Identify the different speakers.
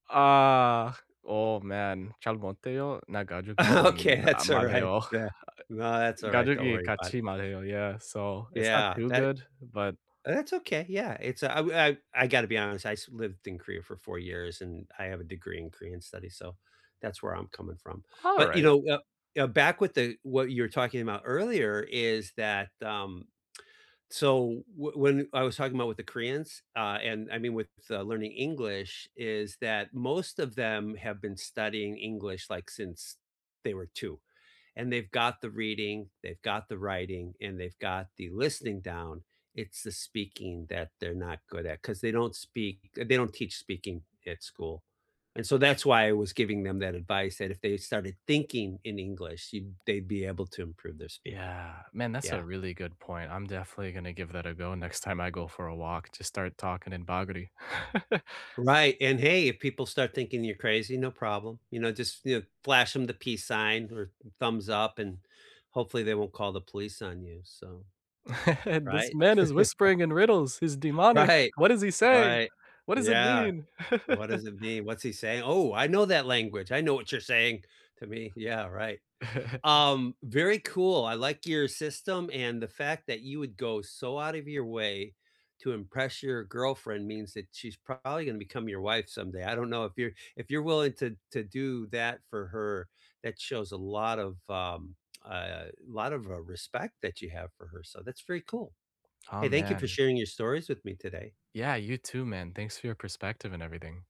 Speaker 1: Ah. Oh, man.
Speaker 2: Okay, that's alright. Yeah. No, that's alright. Don't worry about it.
Speaker 1: Yeah, so it's not
Speaker 2: Yeah.
Speaker 1: too
Speaker 2: That
Speaker 1: good, but
Speaker 2: oh, that's okay, yeah. It's, uh I I gotta be honest. I used lived in Korea for 4 years, and I have a degree in Korean studies, so that's where I'm coming from. But, you
Speaker 1: Alright.
Speaker 2: know, uh uh, back with the what you were talking about earlier is that, um, so whe when I was talking about with the Koreans, uh, and I mean, with, uh, learning English, is that most of them have been studying English, like, since they were 2, and they've got the reading, they've got the writing, and they've got the listening down- it's the speaking that they're not good at, 'cause they don't speak uh, they don't teach speaking at school. And so that's why I was giving them that advice that if they started thinking in English, you'd they'd be able to improve their speaking.
Speaker 1: Yeah. Man, that's a
Speaker 2: Yeah.
Speaker 1: really good point. I'm definitely gonna give that a go next time I go for a walk, just start talking in Bagri.
Speaker 2: Right, and, hey, if people start thinking you're crazy, no problem. You know, just you know, flash them the peace sign or th thumbs up, and hopefully they won't call the police on you, so
Speaker 1: "This
Speaker 2: right?
Speaker 1: man is whispering in riddles. He's demonic.
Speaker 2: Right,
Speaker 1: What is he saying?
Speaker 2: right.
Speaker 1: What does it
Speaker 2: Yeah.
Speaker 1: mean?"
Speaker 2: "What does it mean? What's he saying? Oh, I know that language. I know what you're saying to me." Yeah, right. Um, very cool, I like your system, and the fact that you would go so out of your way to impress your girlfriend means that she's probably gonna become your wife someday. I don't know if you're if you're willing to to do that for her, that shows a lot of, um, uh, lot of, uh, respect that you have for her. So, that's very cool.
Speaker 1: Aw,
Speaker 2: Hey, thank you for
Speaker 1: man.
Speaker 2: sharing your stories with me today.
Speaker 1: Yeah, you too man. Thanks for your perspective and everything.